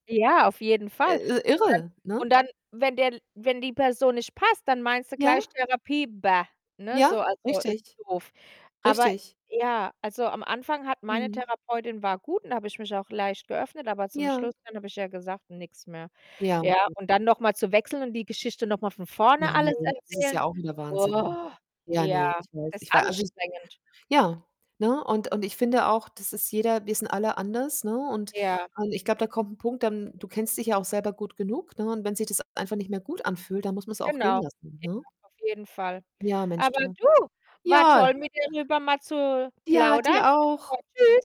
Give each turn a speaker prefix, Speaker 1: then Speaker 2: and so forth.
Speaker 1: Ja, auf jeden Fall,
Speaker 2: Äh,
Speaker 1: und
Speaker 2: i
Speaker 1: dann
Speaker 2: irre, ne?
Speaker 1: und dann, wenn der L wenn die Person nicht passt, dann meinst du
Speaker 2: Ja.
Speaker 1: gleich Therapie: „Bäh“, ne, so
Speaker 2: Ja,
Speaker 1: also, ist
Speaker 2: richtig,
Speaker 1: doof. Aber
Speaker 2: richtig.
Speaker 1: ja, also, am Anfang hat meine
Speaker 2: Mhm.
Speaker 1: Therapeutin war gut und da habe ich mich auch leicht geöffnet, aber zum
Speaker 2: Ja.
Speaker 1: Schluss dann habe ich ja gesagt: „Nix mehr!“
Speaker 2: Ja.
Speaker 1: Ja, und dann noch mal zu wechseln und die Geschichte noch mal von vorne alles
Speaker 2: Nein, das ist
Speaker 1: erzählen.
Speaker 2: ja auch wieder Wahnsinn.
Speaker 1: Boah,
Speaker 2: Ja,
Speaker 1: ja,
Speaker 2: ne, ich weiß,
Speaker 1: das ist
Speaker 2: ich war also, ich
Speaker 1: anstrengend.
Speaker 2: ja, ne, und und ich finde auch, das ist jeder wir sind alle anders, ne, und
Speaker 1: Ja.
Speaker 2: und ich glaube, da kommt 'n Punkt dann du kennst dich ja auch selber gut genug, ne, und wenn sich das e einfach nicht mehr gut anfühlt, dann muss man's auch gehen
Speaker 1: Genau, ja
Speaker 2: lassen, ne?
Speaker 1: auf jeden Fall.
Speaker 2: Ja, Mensch,
Speaker 1: Aber
Speaker 2: du.
Speaker 1: du, war
Speaker 2: Ja.
Speaker 1: toll, mit dir drüber mal zu
Speaker 2: Ja,
Speaker 1: plaudern.
Speaker 2: dir
Speaker 1: Hat mich
Speaker 2: auch.
Speaker 1: gefreut, tschüss.